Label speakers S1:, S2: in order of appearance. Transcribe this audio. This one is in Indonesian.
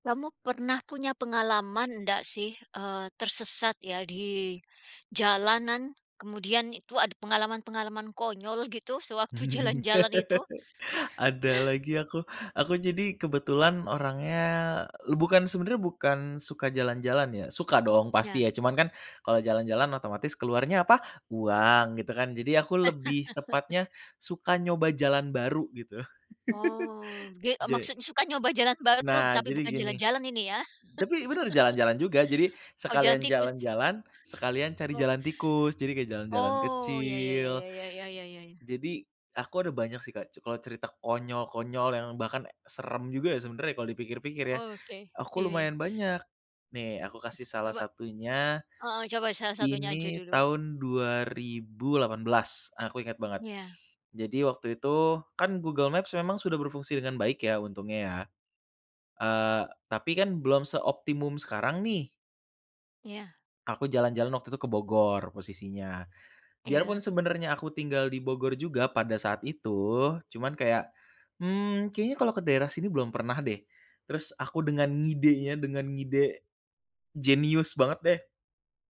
S1: Kamu pernah punya pengalaman ndak sih, eee, tersesat ya di jalanan? Kemudian itu ada pengalaman-pengalaman konyol gitu sewaktu jalan-jalan itu?
S2: Ada lagi aku, aku jadi kebetulan orangnya, e bukan sebenarnya bukan suka jalan-jalan ya suka dong
S1: Iya.
S2: pasti ya, cuman kan kalau jalan-jalan otomatis keluarnya apa? Uang gitu kan. Jadi ya aku lebih tepatnya suka nyoba jalan baru gitu.
S1: Oh, ge eee,
S2: Ja
S1: maksudnya suka nyoba jalan baru,
S2: Nah
S1: tapi
S2: jadi
S1: bukan
S2: gini,
S1: jalan-jalan ini ya?
S2: tapi benar jalan-jalan juga. Jadi
S1: Oh jalan
S2: sekalian
S1: tikus?
S2: jalan-jalan, sekalian cari
S1: Oh,
S2: jalan tikus, jadi kayak jalan-jalan
S1: oh, iya iya iya
S2: kecil.
S1: iya iya iya iya iya iya.
S2: Jadi aku ada banyak sih, Kak, c kalau cerita konyol-konyol yang bahkan ya seram juga ya sebenarnya kalau dipikir-pikir ya.
S1: Oke,
S2: Aku
S1: iya iya.
S2: lumayan banyak. Nih aku kasih salah
S1: Coba,
S2: satunya,
S1: heeh, coba salah satunya aja
S2: ini
S1: dulu.
S2: tahun 2018, aku ingat banget.
S1: Iya.
S2: Jadi waktu itu kan Google Maps memang sudah berfungsi dengan baik ya untungnya ya, eee, tapi kan belum seoptimum sekarang nih.
S1: Iya.
S2: Aku jalan-jalan waktu itu ke Bogor posisinya, biar pun
S1: Iya.
S2: sebenarnya aku tinggal di Bogor juga pada saat itu, cuman kayak, "Mmm, kayaknya kalau ke daerah sini belum pernah deh." Terus aku dengan ngidenya, dengan ngide jenius banget deh.